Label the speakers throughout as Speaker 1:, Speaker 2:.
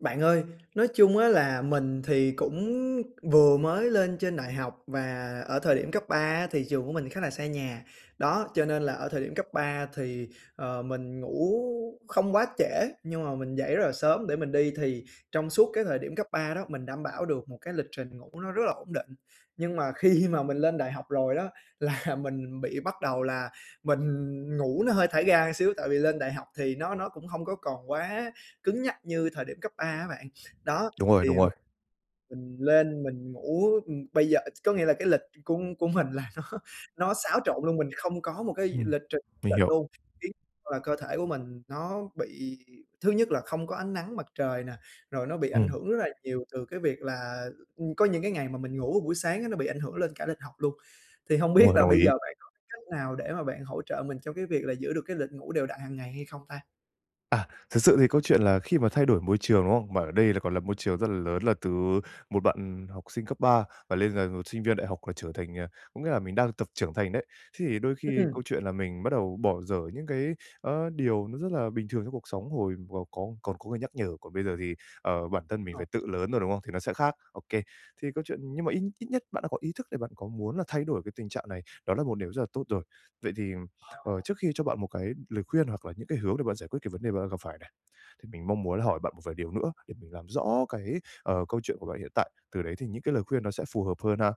Speaker 1: Bạn ơi, nói chung á là mình thì cũng vừa mới lên trên đại học và ở thời điểm cấp 3 á thì trường của mình khá là xa nhà, đó, cho nên là ở thời điểm cấp 3 thì, ờ, mình ngủ không quá trễ, nhưng mà mình dậy rất là sớm để mình đi thì trong suốt cái thời điểm cấp 3 đó, mình đảm bảo được một cái lịch trình ngủ nó rất là ổn định. Nhưng mà khi mà mình lên đại học rồi đó, là mình bị bắt đầu là mình ngủ nó hơi thả ga xíu, tại vì lên đại học thì nó nó cũng hông có còn quá cứng nhắc như thời điểm cấp 3 á bạn. Đó,
Speaker 2: Đúng rồi, đúng
Speaker 1: thì m
Speaker 2: rồi.
Speaker 1: mình lên mình ngủ, ừm, bây giờ có nghĩa là cái lịch của của mình là nó nó xáo trộn luôn, mình không có một cái
Speaker 2: Ừm,
Speaker 1: lịch trình cố
Speaker 2: mình
Speaker 1: định
Speaker 2: hiểu.
Speaker 1: luôn, khiến là cơ thể của mình nó bị thứ nhất là không có ánh nắng mặt trời nè, rồi nó bị ảnh
Speaker 2: Ừm.
Speaker 1: hưởng rất là nhiều từ cái việc là, ưm, có những cái ngày mà mình ngủ buổi sáng á nó bị ảnh hưởng lên cả lịch học luôn. Thì hông
Speaker 2: Đúng
Speaker 1: biết
Speaker 2: rồi,
Speaker 1: là
Speaker 2: đồng
Speaker 1: bây giờ
Speaker 2: ý.
Speaker 1: bạn có cách nào để mà bạn hỗ trợ mình trong cái việc là giữ được cái lịch ngủ đều đặn hàng ngày hay không ta?
Speaker 2: À, thực sự thì câu chuyện là khi mà thay đổi môi trường, đúng không? Mà ở đây còn là môi trường rất là lớn là từ một bạn học sinh cấp 3 và lên là một sinh viên đại học là trở thành, à, có nghĩa là mình đang tập trưởng thành đấy. Thế thì đôi khi
Speaker 1: Ừm.
Speaker 2: câu chuyện là mình bắt đầu bỏ dở những cái, a, điều nó rất là bình thường trong cuộc sống, hồi mà có còn có người nhắc nhở, còn bây giờ thì, ờ, bản thân mình
Speaker 1: Rồi.
Speaker 2: phải tự lớn rồi, đúng không? Thì nó sẽ khác. Ô kê, thì câu chuyện nhưng mà ít ít nhất bạn đã có ý thức để bạn có muốn là thay đổi cái tình trạng này, đó là một điều rất là tốt rồi. Vậy thì, ừm, ờ,
Speaker 1: Ờ.
Speaker 2: trước khi cho bạn một cái lời khuyên hoặc là những cái hướng để bạn giải quyết cái vấn đề bạn đang gặp phải này, thì mình mong muốn là hỏi bạn một vài điều nữa để mình làm rõ cái, ờ, câu chuyện của bạn hiện tại, từ đấy thì những cái lời khuyên nó sẽ phù hợp hơn ha.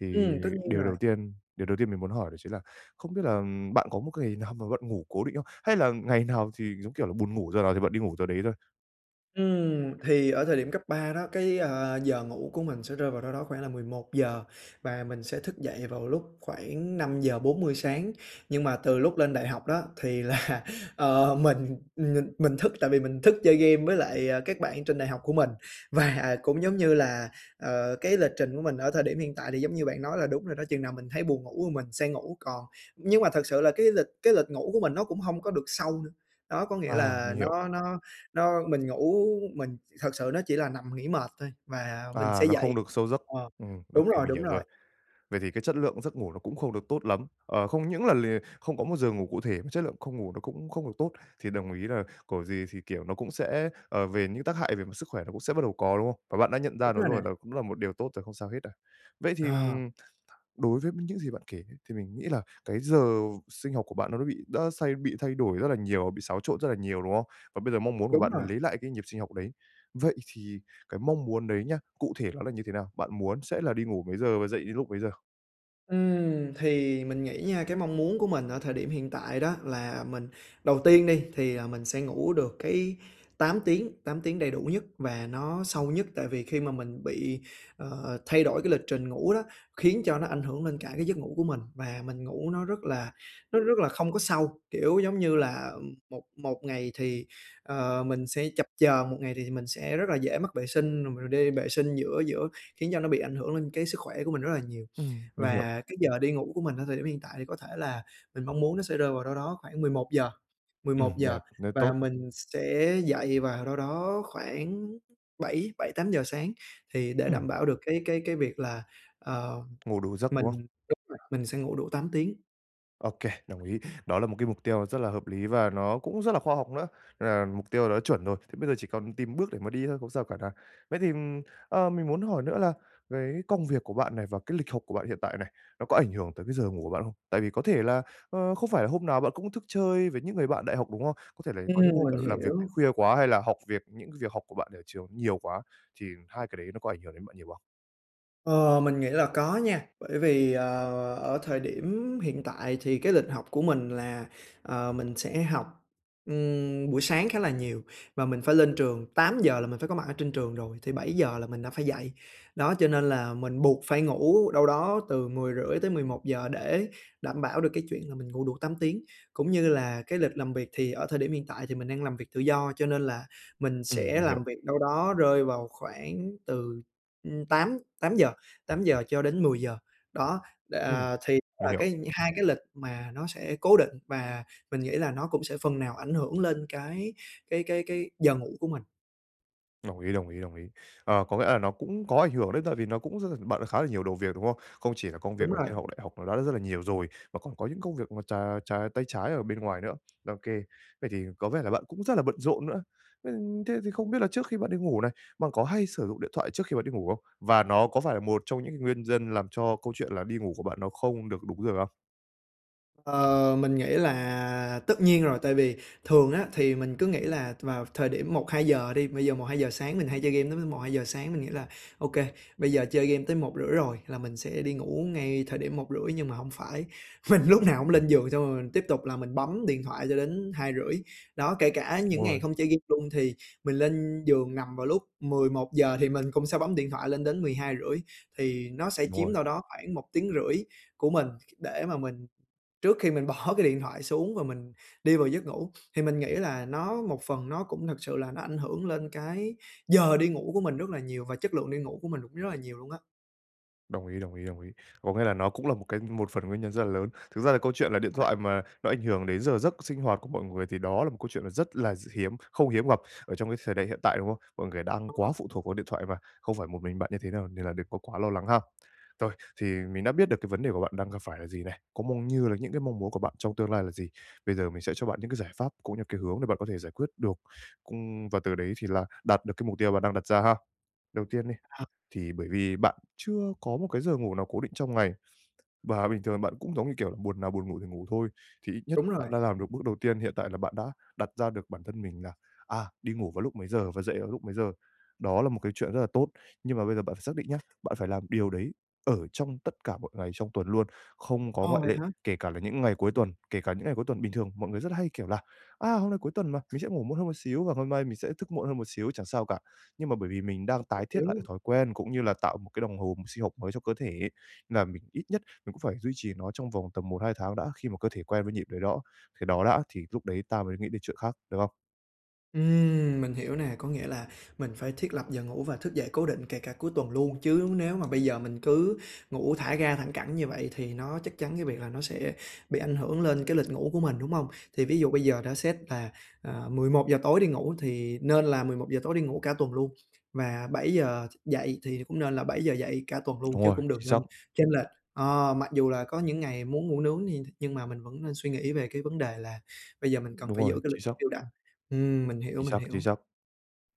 Speaker 2: Thì
Speaker 1: Ừm, tất nhiên
Speaker 2: điều
Speaker 1: rồi.
Speaker 2: đầu tiên điều đầu tiên mình muốn hỏi đó chính là không biết là, ừm, bạn có một cái ngày nào mà bạn ngủ cố định không? Hay là ngày nào thì giống kiểu là buồn ngủ giờ nào thì bạn đi ngủ giờ đấy thôi?
Speaker 1: Ừm, thì ở thời điểm cấp 3 đó, cái, ờ, giờ ngủ của mình sẽ rơi vào đâu đó khoảng là 11:00 và mình sẽ thức dậy vào lúc khoảng 5:40 sáng. Nhưng mà từ lúc lên đại học đó thì là, ờ, mình mình mình thức tại vì mình thức chơi game với lại các bạn trên đại học của mình. Và cũng giống như là, ờ, cái lịch trình của mình ở thời điểm hiện tại thì giống như bạn nói là đúng rồi đó, chừng nào mình thấy buồn ngủ thì mình sẽ ngủ còn nhưng mà thật sự là cái lịch cái lịch ngủ của mình nó cũng hông có được sâu nữa. Đó có nghĩa
Speaker 2: À,
Speaker 1: là
Speaker 2: mình hiểu.
Speaker 1: nó nó nó mình ngủ mình thật sự nó chỉ là nằm nghỉ mệt thôi mà mình
Speaker 2: À,
Speaker 1: sẽ
Speaker 2: nó không
Speaker 1: dậy
Speaker 2: được sâu giấc,
Speaker 1: ờ,
Speaker 2: ừm, ô
Speaker 1: đúng
Speaker 2: kê,
Speaker 1: rồi,
Speaker 2: mình
Speaker 1: đúng
Speaker 2: hiểu rồi.
Speaker 1: rồi.
Speaker 2: Vậy thì cái chất lượng giấc ngủ nó cũng không được tốt lắm. Ờ, không những là lìa không có một giờ ngủ cụ thể mà chất lượng không ngủ nó cũng không được tốt, thì đồng ý là của gì thì, kiểu, nó cũng sẽ, ờ, về những tác hại về mặt sức khỏe nó cũng sẽ bắt đầu có, đúng không? Và bạn đã nhận ra
Speaker 1: Đúng
Speaker 2: nó
Speaker 1: rồi nè.
Speaker 2: rồi là cũng là một điều tốt rồi không sao hết đâu. Vậy thì,
Speaker 1: Ờ.
Speaker 2: ừm, đối với những gì bạn kể nhé thì mình nghĩ là cái giờ sinh học của bạn nó bị đã xay bị thay đổi rất là nhiều, bị xáo trộn rất là nhiều, đúng không? Và bây giờ mong muốn của
Speaker 1: Đúng
Speaker 2: bạn
Speaker 1: rồi.
Speaker 2: lấy lại cái nhịp sinh học đấy, vậy thì cái mong muốn đấy nhá, cụ thể nó là như thế nào? Bạn muốn sẽ là đi ngủ mấy giờ và dậy lúc mấy giờ?
Speaker 1: Ừm, thì mình nghĩ nha, cái mong muốn của mình ở thời điểm hiện tại đó là mình đầu tiên đi thì là mình sẽ ngủ được cái 8 tiếng, 8 tiếng đầy đủ nhất và nó sâu nhất. Tại vì khi mà mình bị, ờ, thay đổi cái lịch trình ngủ đó, khiến cho nó ảnh hưởng lên cả cái giấc ngủ của mình và mình ngủ nó rất là nó rất là không có sâu, kiểu, giống như là một một ngày thì, ờ, mình sẽ chập chờn, một ngày thì mình sẽ rất là dễ mắc vệ sinh, rồi đi vệ sinh giữa giữa khiến cho nó bị ảnh hưởng lên cái sức khỏe của mình rất là nhiều.
Speaker 2: Ừm, mình hiểu.
Speaker 1: Và cái giờ đi ngủ của mình ở thời điểm hiện tại thì có thể là mình mong muốn nó sẽ rơi vào đâu đó khoảng 11:00, mười
Speaker 2: Ừm,
Speaker 1: một giờ.
Speaker 2: đẹp, nếu
Speaker 1: Và
Speaker 2: tốt.
Speaker 1: mình sẽ dậy vào đâu đó khoảng bảy bảy, 8:00 sáng thì để
Speaker 2: Ừm.
Speaker 1: đảm bảo được cái cái cái việc là, ờ,
Speaker 2: Ngủ đủ giấc,
Speaker 1: mình
Speaker 2: đúng không?
Speaker 1: đúng rồi, mình sẽ ngủ đủ 8 tiếng.
Speaker 2: Ô kê, đồng ý, đó là một cái mục tiêu rất là hợp lý và nó cũng rất là khoa học nữa, là mục tiêu đã chuẩn rồi, thế bây giờ chỉ còn tìm bước để mà đi thôi, không sao cả này. Vậy thì, ờ, mình muốn hỏi nữa là cái công việc của bạn này và cái lịch học của bạn hiện tại này, nó có ảnh hưởng tới cái giờ ngủ của bạn không? Tại vì có thể là, ơ, không phải là hôm nào bạn cũng thức chơi với những người bạn đại học, đúng không? Có thể là có những
Speaker 1: Ừm,
Speaker 2: hôm
Speaker 1: mình
Speaker 2: bạn làm việc tới
Speaker 1: hiểu.
Speaker 2: khuya quá, hay là học việc những việc học của bạn ở trường nhiều quá, thì hai cái đấy nó có ảnh hưởng đến bạn nhiều không?
Speaker 1: Ờ, mình nghĩ là có nha, bởi vì, ờ, ở thời điểm hiện tại thì cái lịch học của mình là, ờ, mình sẽ học, ừm, buổi sáng khá là nhiều. Và mình phải lên trường 8:00 là mình phải có mặt ở trên trường rồi, thì 7:00 là mình đã phải dậy. Đó, cho nên là mình buộc phải ngủ đâu đó từ 10:30 tới 11:00 để đảm bảo được cái chuyện là mình ngủ đủ 8 tiếng. Cũng như là cái lịch làm việc thì ở thời điểm hiện tại thì mình đang làm việc tự do, cho nên là mình
Speaker 2: Ừm,
Speaker 1: sẽ
Speaker 2: mình hiểu.
Speaker 1: làm việc đâu đó rơi vào khoảng từ, ưm, tám tám giờ, 8:00 cho đến 10:00 đó, đ
Speaker 2: Ừm,
Speaker 1: à, thì
Speaker 2: mình
Speaker 1: là
Speaker 2: hiểu.
Speaker 1: cái hai cái lịch mà nó sẽ cố định. Và mình nghĩ là nó cũng sẽ phần nào ảnh hưởng lên cái cái cái cái giờ ngủ của mình.
Speaker 2: Đồng ý, đồng ý, đồng ý, ờ, có nghĩa là nó cũng có ảnh hưởng đấy, tại vì nó cũng rất bận khá là nhiều đầu việc, đúng không? Không chỉ là công
Speaker 1: Đúng
Speaker 2: việc ở
Speaker 1: rồi.
Speaker 2: trên học đại học đã rất là nhiều rồi, mà còn có những công việc mà trà trà tay trái ở bên ngoài nữa. Ô kê, vậy thì có vẻ là bạn cũng rất là bận rộn nữa. Nên thế thì không biết là trước khi bạn đi ngủ này, bạn có hay sử dụng điện thoại trước khi bạn đi ngủ không? Và nó có phải là một trong những cái nguyên nhân, làm cho câu chuyện là đi ngủ của bạn nó không được đúng giờ không?
Speaker 1: Ờ, mình nghĩ là tất nhiên rồi. Tại vì thường á thì mình cứ nghĩ là vào thời điểm 1:00-2:00 đi bây giờ 1:00-2:00 sáng mình hay chơi game tới m một, 2:00 sáng, mình nghĩ là "Ô kê, bây giờ chơi game đến 1:30 rồi, là mình sẽ đi ngủ ngay thời điểm 1:30." Nhưng mà hông phải, mình lúc nào cũng lên giường xong rồi mình tiếp tục là mình bấm điện thoại cho đến 2:30. Đó, kể cả
Speaker 2: Đúng
Speaker 1: những ngày
Speaker 2: rồi.
Speaker 1: không chơi game luôn thì mình lên giường nằm vào lúc 11:00 thì mình cũng sẽ bấm điện thoại lên đến 12:30, thì nó sẽ
Speaker 2: Đúng
Speaker 1: chiếm
Speaker 2: rồi.
Speaker 1: đâu đó khoảng 1,5 tiếng của mình để mà mình trước khi mình bỏ cái điện thoại xuống và mình đi vào giấc ngủ. Thì mình nghĩ là nó một phần nó cũng thật sự là nó ảnh hưởng lên cái giờ đi ngủ của mình rất là nhiều và chất lượng đi ngủ của mình rất là nhiều luôn á.
Speaker 2: Đồng ý, đồng ý, đồng ý. Có nghĩa là nó cũng là một cái một phần nguyên nhân rất là lớn. Thực ra là câu chuyện là điện
Speaker 1: [unintelligible]
Speaker 2: thoại mà nó ảnh hưởng đến giờ giấc sinh hoạt của mọi người thì đó là một câu chuyện rất là d hiếm không hiếm gặp ở trong cái thời đại hiện tại, đúng không? Mọi người đang
Speaker 1: Đúng
Speaker 2: quá
Speaker 1: rồi.
Speaker 2: phụ thuộc vào điện thoại và không phải một mình bạn như thế đâu, nên là đừng có quá lo lắng ha. Rồi, thì mình đã biết được cái vấn đề của bạn đang gặp phải là gì này, cũng mong như là những cái mong muốn của bạn trong tương lai là gì. Bây giờ mình sẽ cho bạn những cái giải pháp cũng như cái hướng để bạn có thể giải quyết được, cung và từ đấy thì là đạt được cái mục tiêu bạn đang đặt ra ha. Đầu tiên đi,
Speaker 1: [unintelligible]
Speaker 2: thì bởi vì bạn chưa có một cái giờ ngủ nào cố định trong ngày, và bình thường bạn cũng, giống như, kiểu là, buồn nào buồn ngủ thì ngủ thôi. Thì ít nhất
Speaker 1: Đúng
Speaker 2: bạn
Speaker 1: rồi.
Speaker 2: đã làm được bước đầu tiên, hiện tại là bạn đã đặt ra được bản thân mình là, à, đi ngủ vào lúc mấy giờ và dậy vào lúc mấy giờ. Đó là một cái chuyện rất là tốt. Nhưng mà bây giờ bạn xác định nhá, bạn phải làm điều đấy ở trong tất cả mọi ngày trong tuần luôn, không có
Speaker 1: Ồ,
Speaker 2: ngoại
Speaker 1: vậy
Speaker 2: lệ,
Speaker 1: hả?
Speaker 2: kể cả là những ngày cuối tuần, kể cả những ngày cuối tuần. Bình thường mọi người rất hay, kiểu, là "A, hôm nay cuối tuần mà, mình sẽ ngủ muộn hơn một xíu và hôm nay mình sẽ thức muộn hơn một xíu, chẳng sao cả." Nhưng mà bởi vì mình đang tái thiết lại cái
Speaker 1: [unintelligible]
Speaker 2: thói quen cũng như là tạo một cái đồng hồ sinh học mới cho cơ thể, là mình ít nhất mình cũng phải duy trì nó trong vòng tầm 1-2 tháng đã, khi mà cơ thể quen với nhịp đấy đó cái đó đã thì lúc đấy ta mới nghĩ đến chuyện khác, được không?
Speaker 1: Ừm, mình hiểu nè, có nghĩa là mình phải thiết lập giờ ngủ và thức dậy cố định kể cả cuối tuần luôn, chứ nếu mà bây giờ mình cứ ngủ thả ga thẳng cẳng như vậy, thì nó chắc chắn cái việc là nó sẽ bị ảnh hưởng lên cái lịch ngủ của mình, đúng hông? Thì ví dụ bây giờ đã xét là, à, 11:00 tối đi ngủ thì nên là 11:00 giờ tối đi ngủ cả tuần luôn, và 7:00 thức dậy thì cũng nên là 7:00 dậy cả tuần luôn
Speaker 2: Đúng
Speaker 1: chứ
Speaker 2: rồi,
Speaker 1: cũng đừng
Speaker 2: chính xác.
Speaker 1: nên chênh lệch. Ờ, mặc dù là có những ngày muốn ngủ nướng như nhưng mà mình vẫn nên suy nghĩ về cái vấn đề là bây giờ mình cần
Speaker 2: Đúng
Speaker 1: phải giữ
Speaker 2: rồi,
Speaker 1: cái lịch
Speaker 2: chính xác.
Speaker 1: đều đặn. Ừm, mình hiểu,
Speaker 2: Chính
Speaker 1: mình
Speaker 2: xác, chính
Speaker 1: hiểu.
Speaker 2: xác.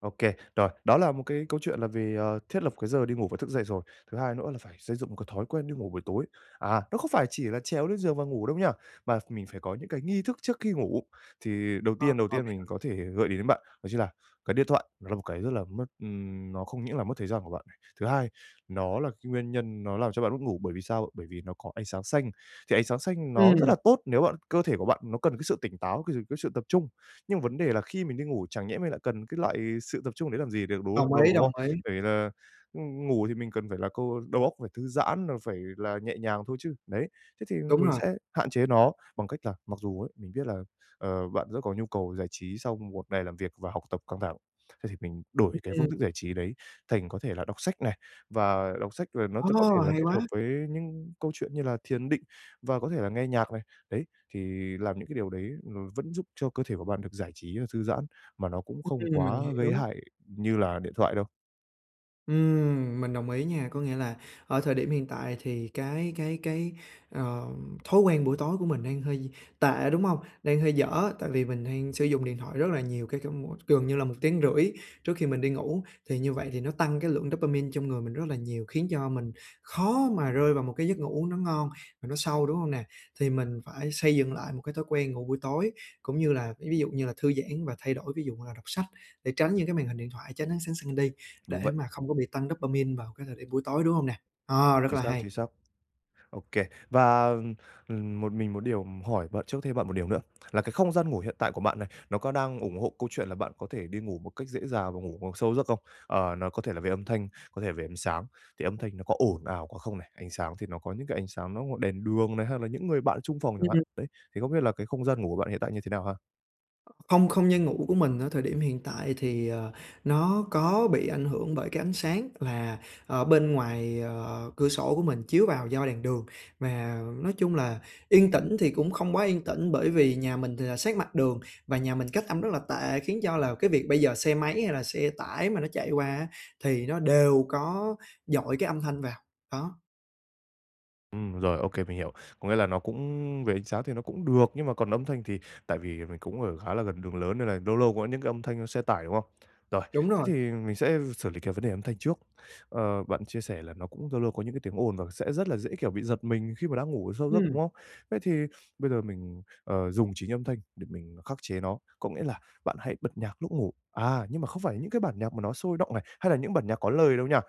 Speaker 2: Ô kê. Rồi, đó là một cái câu chuyện là về, ờ, thiết lập cái giờ đi ngủ và thức dậy rồi, thứ hai nữa là phải xây dựng một cái thói quen đi ngủ buổi tối. À, nó không phải chỉ là trèo lên giường và ngủ đâu nha, mà mình phải có những cái nghi thức trước khi ngủ. Thì đầu
Speaker 1: Ờ,
Speaker 2: tiên đầu
Speaker 1: ô
Speaker 2: tiên
Speaker 1: kê [unintelligible]
Speaker 2: mình có thể gợi ý đến bạn, đó chính là cái điện thoại nó là một cái rất là mất ừm, nó không những là mất thời gian của bạn, thứ hai, nó là cái nguyên nhân nó làm cho bạn mất ngủ, bởi vì sao? Bởi vì nó có ánh sáng xanh, thì ánh sáng xanh nó rất là
Speaker 1: Ừm.
Speaker 2: tốt nếu bạn cơ thể của bạn nó cần cái sự tỉnh táo, cái sự cái sự tập trung. Nhưng mà vấn đề là khi mình đi ngủ, chẳng nhẽ mình lại cần cái loại sự tập trung đấy làm gì để đúng
Speaker 1: Đồng
Speaker 2: không đâu,
Speaker 1: ý,
Speaker 2: đúng
Speaker 1: đồng
Speaker 2: không?
Speaker 1: ý.
Speaker 2: Bởi vì là ng ngủ thì mình cần phải là câu đầu óc phải thư giãn rồi phải là nhẹ nhàng thôi chứ. Đấy, thế thì
Speaker 1: Đúng
Speaker 2: mình
Speaker 1: rồi.
Speaker 2: sẽ hạn chế nó bằng cách là mặc dù ấy, mình biết là, ờ, bạn rất có nhu cầu giải trí sau một ngày làm việc và học tập căng thẳng, thế thì mình đổi cái phương
Speaker 1: Ừm.
Speaker 2: thức giải trí đấy thành có thể là đọc sách này, và đọc sách là nó t có
Speaker 1: Ồ,
Speaker 2: thể là
Speaker 1: hay
Speaker 2: kết hợp
Speaker 1: quá!
Speaker 2: với những câu chuyện như là thiền định và có thể là nghe nhạc này, đấy, thì làm những cái điều đấy nó vẫn giúp cho cơ thể của bạn được giải trí và thư giãn, mà nó cũng không
Speaker 1: Ừm, mình
Speaker 2: quá gây
Speaker 1: hiểu.
Speaker 2: hại như là điện thoại đâu.
Speaker 1: Ừm, mình đồng ý nha, có nghĩa là ở thời điểm hiện tại thì cái cái cái, ờ, thói quen buổi tối của mình đang hơi tệ, đúng hông? Đang hơi dở, tại vì mình đang sử dụng điện thoại rất là nhiều, kể cả mỗi gần như là 1,5 tiếng trước khi mình đi ngủ. Thì như vậy thì nó tăng cái lượng dopamine trong người mình rất là nhiều, khiến cho mình khó mà rơi vào một cái giấc ngủ uống nó ngon và nó sâu, đúng hông nè? Thì mình phải xây dựng lại một cái thói quen ngủ buổi tối, cũng như là, ví ví dụ như là thư giãn và thay đổi, ví dụ là đọc sách để tránh những cái màn hình điện thoại, tránh ánh sáng xanh đi,
Speaker 2: Đúng
Speaker 1: để
Speaker 2: vậy.
Speaker 1: mà không có bị tăng dopamine vào cái thời điểm buổi tối, đúng hông nè? Ờ, rất
Speaker 2: Chính
Speaker 1: là
Speaker 2: xác,
Speaker 1: hay.
Speaker 2: chính xác. OK. Và, ừm, ừm, một mình một điều hỏi bạn chốt thêm bạn một điều nữa là cái không gian ngủ hiện tại của bạn này, nó có đang ủng hộ câu chuyện là bạn có thể đi ngủ một cách dễ dàng và ngủ vào sâu giấc không? Ờ, nó có thể là về âm thanh, có thể là về ánh sáng. Thì âm thanh nó có ồn ào quá không này? Ánh sáng thì nó có những cái ánh sáng nó đèn đường này, hay là những người bạn chung phòng chẳng hạn.
Speaker 1: Ừm.
Speaker 2: Đấy. Thì không biết là cái không gian ngủ của bạn hiện tại như thế nào ha?
Speaker 1: Không không gian ngủ của mình ở thời điểm hiện tại thì, ờ, nó có bị ảnh hưởng bởi cái ánh sáng là ở bên ngoài, à, cửa sổ của mình chiếu vào do đèn đường. Mà nói chung là yên tĩnh thì cũng không quá yên tĩnh, bởi vì nhà mình thì là sát mặt đường và nhà mình cách âm rất là tệ, khiến cho là cái việc bây giờ xe máy hay là xe tải mà nó chạy qua á thì nó đều có dội cái âm thanh vào, đó.
Speaker 2: Ừm, rồi, ô kê, mình hiểu. Có nghĩa là nó cũng về ánh sáng thì nó cũng được, nhưng mà còn âm thanh thì tại vì mình cũng ở khá là gần đường lớn nên là lâu lâu có những cái âm thanh xe tải, đúng không? Rồi,
Speaker 1: Đúng
Speaker 2: thế
Speaker 1: rồi.
Speaker 2: thì mình sẽ xử lý cái vấn đề âm thanh trước. Ờ, bạn chia sẻ là nó cũng lâu lâu có những cái tiếng ồn và sẽ rất là dễ, kiểu, bị giật mình khi mà đã ngủ sâu giấc, đúng
Speaker 1: Ừm.
Speaker 2: không? Thế thì bây giờ mình, ờ, dùng chính âm thanh để mình khắc chế nó, có nghĩa là bạn hãy bật nhạc lúc ngủ. À, nhưng mà không phải là những cái bản nhạc mà nó sôi động này, hay là những bản nhạc có lời đâu nha,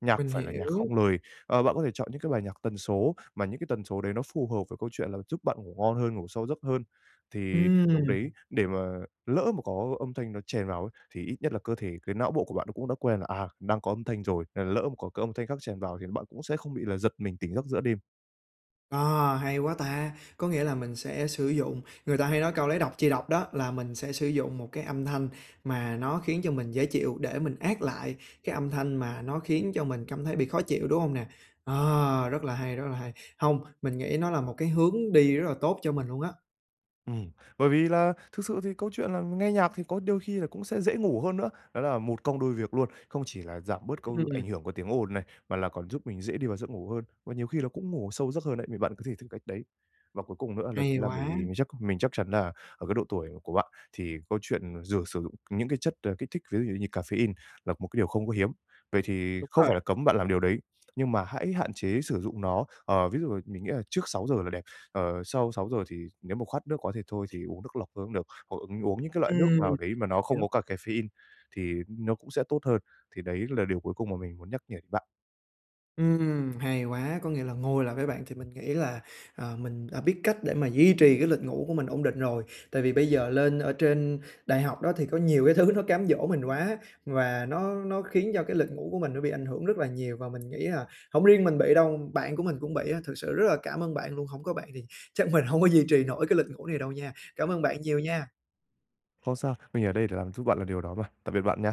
Speaker 2: nhạc
Speaker 1: Mình
Speaker 2: phải là nhạc
Speaker 1: hiểu.
Speaker 2: không lời. Ờ, bạn có thể chọn những cái bài nhạc tần số, mà những cái tần số đấy nó phù hợp với câu chuyện là giúp bạn ngủ ngon hơn, ngủ sâu giấc hơn. Thì lúc
Speaker 1: Ừm.
Speaker 2: đấy để mà lỡ mà có âm thanh nó chèn vào ấy, thì ít nhất là cơ thể, cái não bộ của bạn nó cũng đã quen là, à, đang có âm thanh rồi, lỡ mà có cái âm thanh khác chèn vào thì bạn cũng sẽ không bị là giật mình tỉnh giấc giữa đêm.
Speaker 1: À, hay quá ta. Có nghĩa là mình sẽ sử dụng người ta hay nói câu lấy độc trị độc đó, là mình sẽ sử dụng một cái âm thanh mà nó khiến cho mình dễ chịu để mình át lại cái âm thanh mà nó khiến cho mình cảm thấy bị khó chịu, đúng hông nè? Ờ, rất là hay, rất là hay. Hông, mình nghĩ nó là một cái hướng đi rất là tốt cho mình luôn á.
Speaker 2: Ừm, bởi vì là thực sự thì câu chuyện là nghe nhạc thì có đôi khi là cũng sẽ dễ ngủ hơn nữa, đó là một công đôi việc luôn. Không chỉ là giảm bớt câu
Speaker 1: Ừm.
Speaker 2: ảnh hưởng của tiếng ồn này, mà là còn giúp mình dễ đi vào giấc ngủ hơn, và nhiều khi là cũng ngủ sâu vào giấc hơn đấy, thì bạn có thể thử cách đấy. Và cuối cùng nữa là
Speaker 1: Hay
Speaker 2: chính là bởi vì
Speaker 1: quá!
Speaker 2: mình chắc mình chắc chắn là ở cái độ tuổi của bạn thì câu chuyện dừ sử dụng những cái chất, ờ, kích thích lấy ví dụ như caffeine là một cái điều không có hiếm, vậy thì
Speaker 1: Đúng
Speaker 2: không
Speaker 1: rồi.
Speaker 2: phải là cấm bạn làm điều đấy, nhưng mà hãy hạn chế sử dụng nó. Ờ, ví dụ là mình nghĩ là trước 6:00 là đẹp. Ờ, sau 6:00 thì nếu mà khát nước quá thì thôi, thì uống nước lọc thôi cũng được, hoặc, ừm, uống những cái loại nước
Speaker 1: Ừm,
Speaker 2: nào đấy mà nó không
Speaker 1: hiểu.
Speaker 2: có cà caffeine thì nó cũng sẽ tốt hơn. Thì đấy là điều cuối cùng mà mình muốn nhắc nhở đến bạn.
Speaker 1: Ừm, hay quá! Có nghĩa là ngồi lại với bạn thì mình nghĩ là, à, mình đã biết cách để mà duy trì cái lịch ngủ của mình ổn định rồi. Tại vì bây giờ lên ở trên đại học đó thì có nhiều cái thứ nó cám dỗ mình quá, và nó nó khiến cho cái lịch ngủ của mình nó bị ảnh hưởng rất là nhiều. Và mình nghĩ là hổng riêng mình bị đâu, bạn của mình cũng bị á. Thực sự rất là cảm ơn bạn luôn, hổng có bạn thì chắc mình hông có duy trì nổi cái lịch ngủ này đâu nha. Cảm ơn bạn nhiều nha!
Speaker 2: Không sao, mình ở đây để làm giúp bạn làm điều đó mà. Tạm biệt bạn nha!